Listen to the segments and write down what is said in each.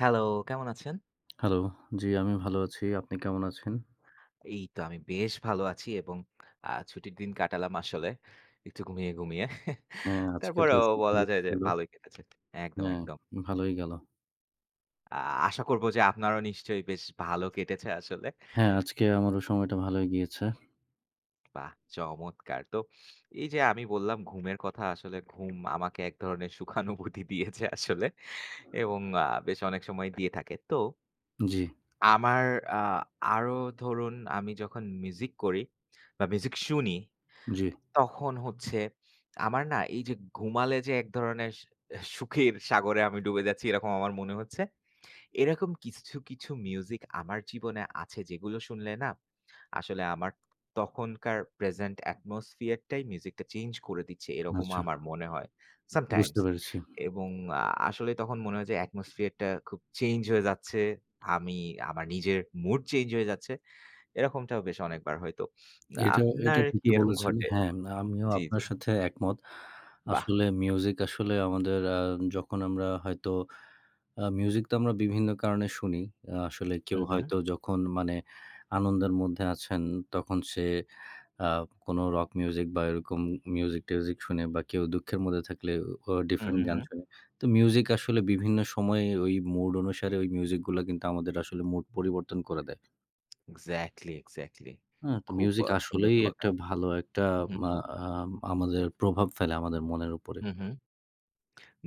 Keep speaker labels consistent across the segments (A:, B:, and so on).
A: Hello! কেমন আছেন?
B: Hello! জি আমিও ভালো আছি। আপনি কেমন আছেন?
A: এই তো আমি বেশ ভালো আছি এবং আ ছুটির দিন কাটালাম আসলে একটু ঘুমিয়ে, ঘুমিয়ে।
B: হ্যাঁ আজকে তো
A: তারপরেও বলা
B: শুক্রবার
A: যায় যে
B: ছিলো।
A: ভালোই কেটেছে একদম,
B: হ্যাঁ,
A: একদম।
B: ভালই গেল।
A: আ আশা করব যে আপনারাও নিশ্চয়ই বেশ ভাল কেটেছে আসলে?
B: হ্যাঁ, আজকে আমারও সময়টা ভালোই গিয়েছে।
A: বাহ চমৎকার! তো এই যে আমি বললাম, ঘুমের কথা আসলে ঘুম আমাকে এক ধরনের সুখানুভূতি দিয়েছে আসলে এবং আ বেশ অনেক সময় দিয়ে থাকে তো
B: জি।
A: আমার আ আরো ধরুন আমি যখন মিউজিক করি বা মিউজিক শুনি,
B: জি।
A: তখন হচ্ছে আমার না এই যে ঘুমালে যে এক ধরনের স সুখের সাগরে আমি ডুবে যাচ্ছি এরকম আমার মনে হচ্ছে। এরকম কিছু, কিছু মিউজিক আমার জীবনে আছে যেগুলো শুনলে না আসলে আমার তখনকার প্রেজেন্ট অ্যাটমসফিয়ার টাই মিউজিকটা চেঞ্জ করে দিচ্ছে এরকমও
B: আচ্ছা।
A: আমার মনে হয়
B: বুঝতে
A: সামটাইমস।
B: পেরেছি।
A: এবং আ আসলে তখন মনে হয় যে অ্যাটমসফিয়ার টা খুব চেইঞ্জ হয়ে যাচ্ছে, আমি আমার নিজের মুড চেঞ্জ হয়ে যাচ্ছে। এরকমটাও বেশ অনেকবার হইতো।
B: এটা এটা
A: আপনার কি
B: ঠিকই
A: এরকম
B: বলেছেন।
A: ঘটে
B: হ্যাঁ আমিও
A: জি, জি।
B: আপনার সাথে একমত।
A: বাহ!
B: আসলে মিউজিক আসলে আমাদের আ যখন আমরা হয়তো আ মিউজিক তো আমরা বিভিন্ন কারণে শুনি। আসলে
A: হু,
B: কেউ
A: হু।
B: হয়তো যখন মানে আনন্দের মধ্যে আছেন তখন সে আ কোনো রক মিউজিক বা এরকম মিউজিক-টিউজিক শুনে বা কেউ দুঃখের মধ্যে থাকলে ও
A: হু,
B: ডিফারেন্ট
A: হু,
B: গান
A: হু।
B: শোনে। তো মিউজিক আসলে বিভিন্ন সময়ে ওই মুড অনুসারে ওই মিউজিকগুলা কিন্তু আমাদের আসলে মুড পরিবর্তন করে দেয়
A: এক্সাক্টলি, এক্সাক্টলি।
B: হ্যাঁ তো
A: খুব
B: মিউজিক
A: আ সুন্দর
B: আসলেই
A: কথা
B: একটা ভালো একটা
A: হু, হু।
B: মা আ আ আমাদের প্রভাব ফেলে আমাদের মনের উপরে।
A: হু, হু।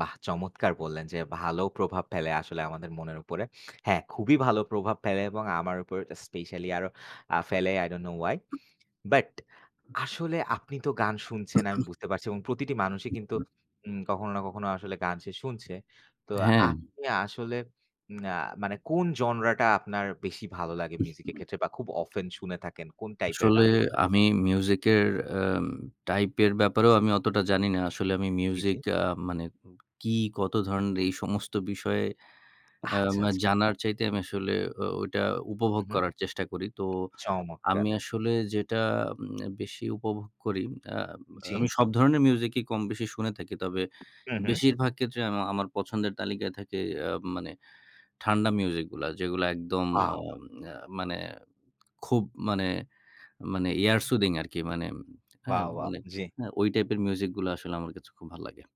A: বাহ! চমৎকার বললেন যে ভালো প্রভাব ফেলে আসলে আমাদের মনের উপরে। হ্যাঁ খুবই ভালো প্রভাব ফেলে এবং আমার উপর স্পেশালি আরো আ ফেলে I don't know why. But আসলে আপনি তো গান শুনছেন আমি বুঝতে পারছি এবং প্রতিটি মানুষই কিন্তু উম কখনো না কখনো আসলে গান সে শুনছে। তো
B: হ্যাঁ।
A: আপনি আসলে অ্যা মানে কোন জনরাটা আপনার বেশি ভালো লাগে
B: উ
A: মিউজিক
B: হু।
A: এর ক্ষেত্রে বা খুব অফেন শুনে থাকেন কোন টাইপের
B: আসলে
A: গানগুলা?
B: আমি মিউজিক এর অ্যা টাইপের ব্যাপারেও আমি অতটা জানি না। আসলে আমি
A: জি, জি।
B: মিউজিক আ মানে উ কী কত ধরণের এই সমস্ত বিষয়ে
A: আচ্ছা,
B: অ্যা
A: আচ্ছা।
B: জানার চাইতে আমি আসলে এ ওইটা
A: হু,
B: উপভোগ
A: হু।
B: করার চেষ্টা করি। তো
A: চমৎকার!
B: আমি আসলে যেটা উম আ বেশি উপভোগ করি অ্যা অ্যা
A: জি।
B: আমি সব ধরণের মিউজিকই কমবেশি শুনে থাকি। তবে
A: হু, হু।
B: বেশিরভাগ ক্ষেত্রে আম আমার পছন্দের তালিকায় থাকে এ মানে ঠান্ডা মিউজিকগুলা। যেগুলা একদম আ
A: ওয়াও!
B: এ মানে খুব মানে, মানে এয়ার সুদিং আরকি। মানে হ্যাঁ
A: ওয়াও! ওয়াও!
B: মানে
A: জি।
B: হ্যাঁ ওই টাইপের মিউজিকগুলা আসলে আমার কাছে খুব ভাল লাগে।